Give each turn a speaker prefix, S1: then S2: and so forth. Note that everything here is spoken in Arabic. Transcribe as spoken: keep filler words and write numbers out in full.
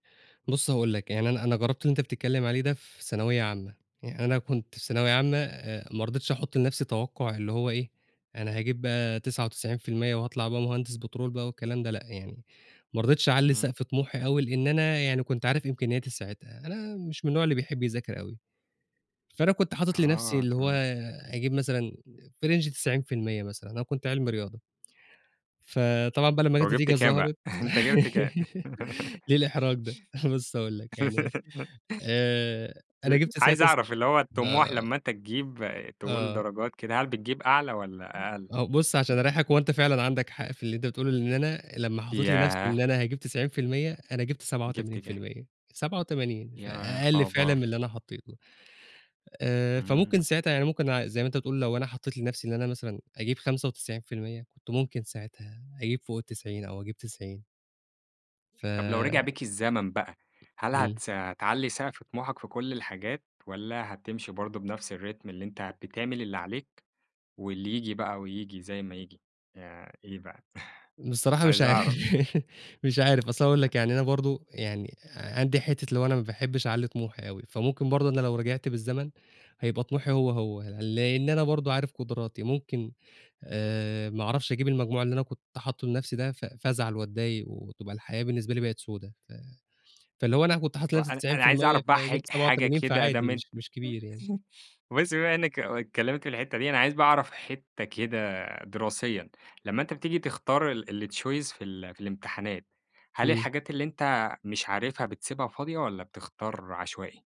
S1: بُصّ هاقول لك يعني أنا أنا جرّبت اللي أنت بتتكلّم عليه ده في ثانوية عامة، يعني أنا كنت في ثانوية عامة آآ ما رضيتش أحط لنفْسي توقع اللي هو إيه، أنا هاجيب بقى تسعة وتسعين في المِيّة وهاطلع بقى مهندس بترول بقى والكلام ده لأ يعني، ما رضيتش أعلِّي
S2: إمم.
S1: سقف طموحي أوي، لإن أنا يعني كنت عارف إمكانياتي ساعتها، أنا مش من النوع اللي بيحب يذاكر أوي، فأنا كنت حاطط لنفْسي
S2: آه
S1: اللي هو
S2: تمام.
S1: أجيب مثلًا في Range تسعين في المِيّة مثلًا أنا كنت علمي رياضة، فطبعًا
S2: امم،
S1: بقى لما لقيت
S2: وجِبت
S1: النتيجة
S2: كام بقى،
S1: ظهَرِت
S2: أنت جِبت كام؟
S1: ليه الإحراج ده؟ بُصّ هاقول لك يعني آآ، أنا
S2: أ
S1: جِبت
S2: عايز
S1: ساعتها س
S2: أعرف اللي هو الطموح
S1: آه.
S2: لمّا أنت تجيب، تقول
S1: آه.
S2: درجات كده، هل بتجيب أعلى
S1: م
S2: والّا أقل؟
S1: أهو بُصّ عشان أريّحك، هو أنت فعلًا عندك حق في اللي أنت بتقوله، لإن أنا لمّا حطّيت لنفْسي إن
S2: ياه!
S1: أنا هاجيب تسعين في المِيّة، أنا جِبت سبعة
S2: جِبت
S1: وتمانين في
S2: كام؟
S1: المِيّة سبعة وتمانين،
S2: يا
S1: فأقل فعلًا من
S2: خبر!
S1: اللي أنا حطّيته، آآ
S2: إمم.
S1: فممكن ساعتها يعني ممكن ع زي ما أنت بتقول لو أنا حطّيت لنفْسي إن أنا مثلًا أجيب خمسة وتسعين في المِيّة كنت ممكن ساعتها أجيب فوق التسعين أو أجيب تسعين. ف
S2: طب لو رجع بيك الزمن بقى، هل
S1: إمم.
S2: هتس تعلي سقف
S1: اهم.
S2: طموحك في كلّ الحاجات، والّا هتمشي برضه بنفْس الRhythm اللي أنت بتعمل اللي عليك، واللي ييجي بقى وييجي زي ما ييجي، يع إيه بقى؟
S1: بصراحة مش
S2: عايز أعرف.
S1: عارف، مش عارف أصل هاقول لك يعني أنا برضه، يعني عندي حتّة اللي هو أنا ما باحبش أعلِّي طموحي أوي، فممكن برضه أنا لو رجعت بالزمن هيبقى طموحي هو، هو، لإن أنا برضه عارف قدراتي، ممكن آآ ما أعرفش أجيب المجموع اللي أنا كنت حاطّه لنفْسي ده ف فازعل وأتضايق وتبقى الحياة بالنسبة لي بقت سودا، ف فاللي هو أنا كنت حاطط
S2: [unintelligible]
S1: لنفْسي
S2: أنا
S1: تسعين في
S2: أنا عايز
S1: المِيّة
S2: أعرف بقى حاج
S1: فجبت سبعة
S2: حاجة
S1: وتمانين
S2: كده ما
S1: فعادي
S2: دام أن
S1: مش مش كبير يعني.
S2: بُصّ بقى بما إنك اتكلّمت في الحتّة دي، أنا عايز بقى أعرف حتّة كده دراسيًا، لمّا أنت بتيجي تختار ال الChoice في ال في الامتحانات، هل
S1: إمم.
S2: الحاجات اللي أنت مش عارفها بتسيبها فاضية، والّا بتختار عشوائي؟